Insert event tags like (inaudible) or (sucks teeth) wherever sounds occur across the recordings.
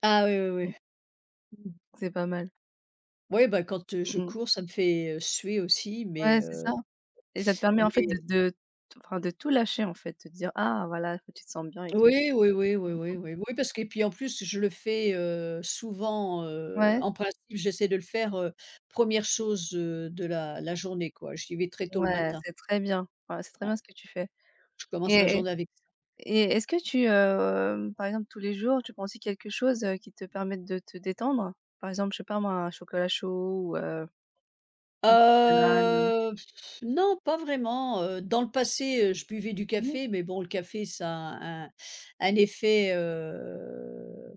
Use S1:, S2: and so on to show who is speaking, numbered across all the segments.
S1: Ah! Oui,
S2: Mmh mh.
S1: oui, oui.
S2: C'est pas mal.
S1: Ouais, bah, quand, heu, je
S2: Mmh mh.
S1: cours, ça me fait, heu, suer aussi, mais,
S2: Ouais c'est
S1: heu.
S2: ça. Et ça te permet en
S1: (sucks teeth)
S2: fait de
S1: Mais
S2: de enfin de tout lâcher en fait, de te dire: «Ah voilà» ce que tu te sente bien et tout.
S1: Oui. Oui oui, oui
S2: Mmh mh.
S1: oui, oui oui, parce que et puis en plus, je le fais, heu, souvent, heu,
S2: Ouais?
S1: en principe j'essaie de le faire, heu, 1re chose, heu, de la la journée quoi, j'y vais très tôt le
S2: Ouais,
S1: matin.
S2: c'est très bien, voilà c'est très
S1: Ouais.
S2: bien, ce que tu fais.
S1: Je commence ma
S2: Et et
S1: journée ave
S2: Et est-ce que tu, heu, par exemple tous les jours, tu prends aussi quelque chose, heu, qui te permette de te détendre? Par exemple, je sais pas moi, un chocolat chaud ou, heu, une tisane?
S1: Heu, (scoffs) non, pas vraiment, heu. Dans le passé, heu, je buvais du
S2: Mmh.
S1: café, mais bon le café ça a un un effet, heu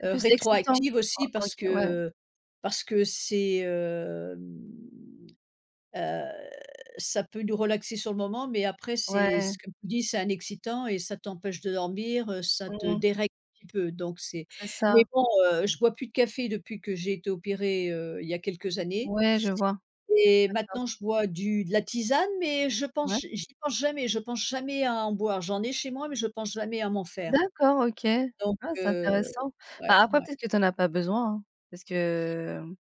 S2: C'est
S1: heu,
S2: plus excitant.
S1: rétroactive
S2: O
S1: aussi
S2: OK.
S1: parce que,
S2: Ouais.
S1: heu, parce que c'est, hem. Heu, ça peut nous relaxer sur le moment, mais après c'est,
S2: Ouais.
S1: ce qu'on nous dit c'est un excitant, et ça t'empêche de dormir, heu, ça te
S2: Mmh.
S1: dérègle un petit peu, donc c'est
S2: C'est
S1: Mais
S2: ça.
S1: bon, heu, je bois plus de café depuis que j'ai été opérée, heu, il y a quelques années.
S2: Ouais, je vois.
S1: Et
S2: D'accord.
S1: maintenant je bois du de la tisane, mais je
S2: Ouais.
S1: pense j j'y pense jamais, je pense jamais à en boire. J'en ai chez moi, mais je pense jamais à m'en faire.
S2: D'accord, OK.
S1: Donc,
S2: Ah c'est
S1: heu,
S2: intéressant!
S1: ouais
S2: Bah après
S1: ouais.
S2: peut-être que tu en as pas besoin, hein, parce que, mmh,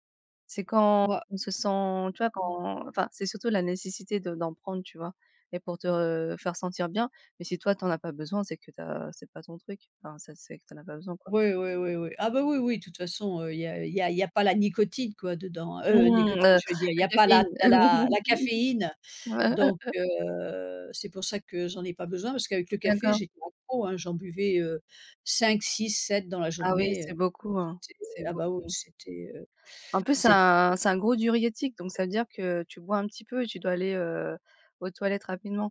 S2: c'est quand
S1: Ouais.
S2: on se sent, tu vois,
S1: Mmh.
S2: quand enfin c'est surtout la nécessité de d'en prendre, tu vois? Et pour te re faire sentir bien, mais si toi tu en as pas besoin, c'est que tu as c'est pas ton truc, enfin ça, c'est que tu en as pas besoin quoi.
S1: Oui oui oui oui. Ah, bah, oui oui, de toute façon, heu, il y a, heu, il y a il y a pas la nicotine quoi dedans, heu,
S2: Mmh!
S1: nicotine,
S2: Heu,
S1: je veux dire, il y
S2: la
S1: a pas la
S2: caféine!
S1: tu as la la caféine. Donc,
S2: (laughs)
S1: heu, c'est pour ça que j'en ai pas besoin parce qu'avec le café,
S2: D'accord.
S1: j'ai bu beaucoup, hein, j'en buvais, heu, 5-6-7 dans la
S2: Ah oui,
S1: journée.
S2: c'est
S1: Heu,
S2: beaucoup hein,
S1: c'était
S2: c'est
S1: ah, bah, oui,
S2: beaucoup.
S1: c'était, heu,
S2: En plus c'est
S1: c'ét
S2: un c'est un gros diurétique, donc ça veut dire que tu bois un petit peu et tu dois aller, heu, aux toilettes rapidement.